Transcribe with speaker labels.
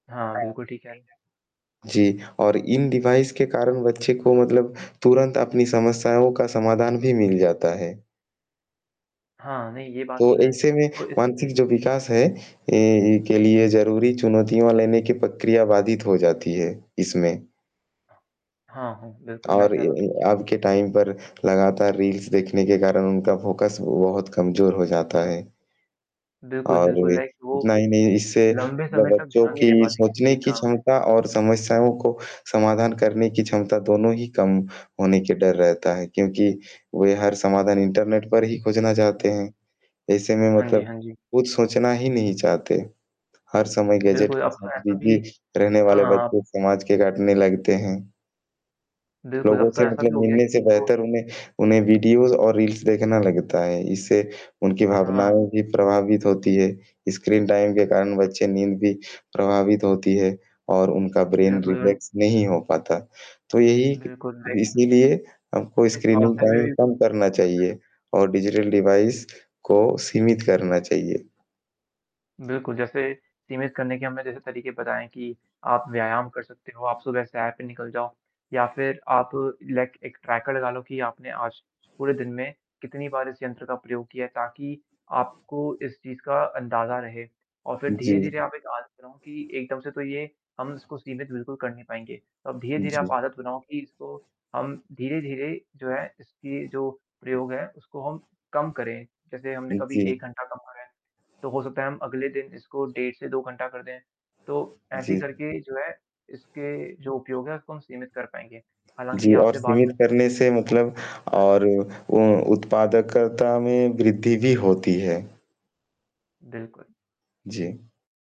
Speaker 1: हाँ,
Speaker 2: हाँ, ठीक
Speaker 1: बिल्कुल ठीक कह रहे हैं।
Speaker 2: है। जी, और इन डिवाइस के कारण बच्चे को मतलब तुरंत अपनी समस्याओं का समाधान भी मिल जाता है।
Speaker 1: हाँ, नहीं ये बात
Speaker 2: तो,
Speaker 1: तो है।
Speaker 2: ऐसे में
Speaker 1: तो इससे
Speaker 2: मानसिक जो विकास है ए इ के
Speaker 1: हुँ।
Speaker 2: लिए ज़रूरी चुनौतियों लेने की प्रक्रिया वादित हो जाती है इसमें।
Speaker 1: हाँ, हाँ, बिल्कुल मैं
Speaker 2: और ये
Speaker 1: सहमत हूँ।
Speaker 2: ये आपके टाइम पर लगातार रील्स देखने के कारण उनका फ़ोकस बहुत कमज़ोर हो जाता है।
Speaker 1: बिल्कुल, बिल्कुल,
Speaker 2: औरभी।
Speaker 1: लाइक वो,
Speaker 2: इतना ही नहीं इससे
Speaker 1: लंबे
Speaker 2: ब
Speaker 1: समय तक
Speaker 2: बच्चों
Speaker 1: ध्यान नहीं
Speaker 2: की
Speaker 1: दे पाती, किसी
Speaker 2: सोचने
Speaker 1: एक
Speaker 2: की
Speaker 1: काम पे।
Speaker 2: क्षमता और समस्याओं को समाधान करने की क्षमता दोनों ही कम होने के डर रहता है, क्योंकि वे हर समाधान इंटरनेट पर ही खोजना चाहते
Speaker 1: हुँ।
Speaker 2: हैं। ऐसे में
Speaker 1: हाँ जी,
Speaker 2: मतलब
Speaker 1: हाँ जी।
Speaker 2: कुछ सोचना ही नहीं चाहते, हर समय गैजेट
Speaker 1: बिल्कुल,
Speaker 2: के
Speaker 1: अब
Speaker 2: साथ
Speaker 1: तो ऐसा
Speaker 2: बिज़ी
Speaker 1: भी
Speaker 2: रहने वाले
Speaker 1: हाँ। अब
Speaker 2: बच्चे समाज के काटने लगते हैं।
Speaker 1: बिल्कुल,
Speaker 2: लोगों
Speaker 1: अब तो
Speaker 2: से
Speaker 1: ऐसा भी
Speaker 2: मतलब
Speaker 1: हो गया
Speaker 2: मिलने से
Speaker 1: कि जो
Speaker 2: बेहतर उन्हें उन्हें वीडियोज़ और रील्स देखना लगता है, इससे उनकी भावनाओं
Speaker 1: हाँ।
Speaker 2: भी प्रभावित होती हैं। स्क्रीन टाइम के कारण बच्चे नींद भी प्रभावित होती है और उनका ब्रेन
Speaker 1: बिल्कुल नहीं
Speaker 2: रिफ्लेक्स नहीं हो पाता। तो ये क
Speaker 1: बिल्कुल, राइट।
Speaker 2: इसीलिए हमको
Speaker 1: इस
Speaker 2: स्क्रीनिंग
Speaker 1: रास्ते पे
Speaker 2: टाइम
Speaker 1: भी
Speaker 2: कम करना
Speaker 1: [unintelligible]
Speaker 2: चाहिए, और डिजिटल डिवाइस को सीमित करना चाहिए।
Speaker 1: बिल्कुल, जैसे सीमित करने के हमें जैसे तरीके पता हैं कि आप व्यायाम कर सकते हो, आप सुबह सैर पे निकल जाओ या फिर आप लाइक एक ट्रैकर लगा लो कि आपने आज पूरे दिन में कितनी बार इस यंत्र का प्रयोग किया है, ताकि आपको इस चीज़ का अंदाज़ा रहे। और फिर
Speaker 2: हुँ,
Speaker 1: धीरे-धीरे
Speaker 2: जी।
Speaker 1: आप एक आदत बनाओ कि एकदम से तो ये हम इसको सीमित बिल्कुल कर नहीं पाएँगे, तो अब धीरे-धीरे आप
Speaker 2: जी।
Speaker 1: आदत बनाओ कि इसको हम धीरे-धीरे जो है इसकी जो प्रयोग है, उसको हम कम करें। जैसे हमने
Speaker 2: उ,
Speaker 1: कभी 1
Speaker 2: जी।
Speaker 1: घंटा कम करा है, तो हो सकता है हम अगले दिन इसको डेढ़ से 2 घंटा कर दें। तो ऐसे ही
Speaker 2: जी। हाँ।
Speaker 1: करके जो है, इसके जो उपयोग है उसको हम सीमित कर पाएँगे। हालाँकि
Speaker 2: जी, और
Speaker 1: आपसे बात
Speaker 2: सीमित
Speaker 1: करके
Speaker 2: करने
Speaker 1: मुझे
Speaker 2: से
Speaker 1: बहुत
Speaker 2: मतलब
Speaker 1: अच्छा लगा।
Speaker 2: और उ उत्पादकता में वृद्धि भी होती है।
Speaker 1: बिल्कुल।
Speaker 2: जी।